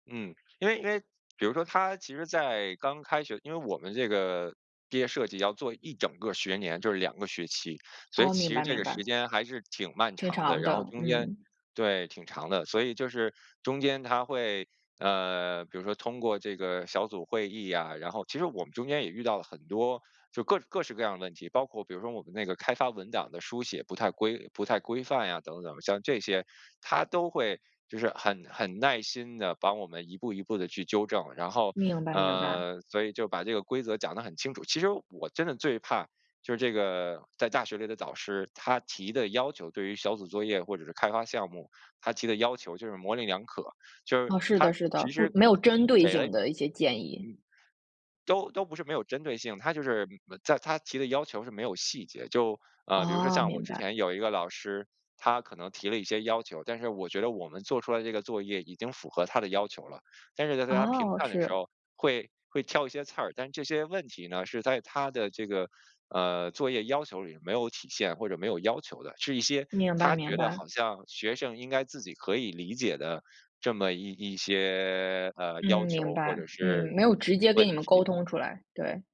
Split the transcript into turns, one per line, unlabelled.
嗯，因为因为比如说他其实在刚开学因为我们这个毕业设计要做一整个儿学年，就是2个学期。所以
哦，
其
明
实
白
这
明
个时
白。
间还是挺漫
挺
长的，
长
然后
的，
中间
嗯。
对，挺长的。所以就是中间他会呃，比如说通过这个小组会议啊，然后其实我们中间也遇到了很多就各各式各样的问题。包括比如说我们那个开发文档的书写不太规不太规范呀等等。像这些，他都会就是很很耐心地帮我们一步一步地去纠正，然后
明白明白。
呃，所以就是把这个规则讲得很清楚。其实我真的最怕就是这个在大学里的导师，他提的要求对于小组作业或者是开发项目，他提的要求就是模棱两可。就是
哦，是
他
的是的。
其
不
实
没有针对
给了你
性
嗯，
的一些建议。
都都不是没有针对性，他就是嗯，在他提的要求是没有细节，就呃，比如说
哦，
像我
明
之
白。
前有一个老师，他可能提了一些要求，但是我觉得我们做出来这个作业已经符合他的要求了。但是在在他评
哦，
判的
是。
时候会会挑一些刺儿，但这些问题呢是在他的这个，呃，作业要求里没有体现或者没有要求的。是一些
明白
他
明
觉得
白。
好像学生应该自己可以理解的这么一一些，呃，
嗯，
要
明
求或
白。
者
嗯，
是
没有直接跟你
问
们沟
题。
通出来，对。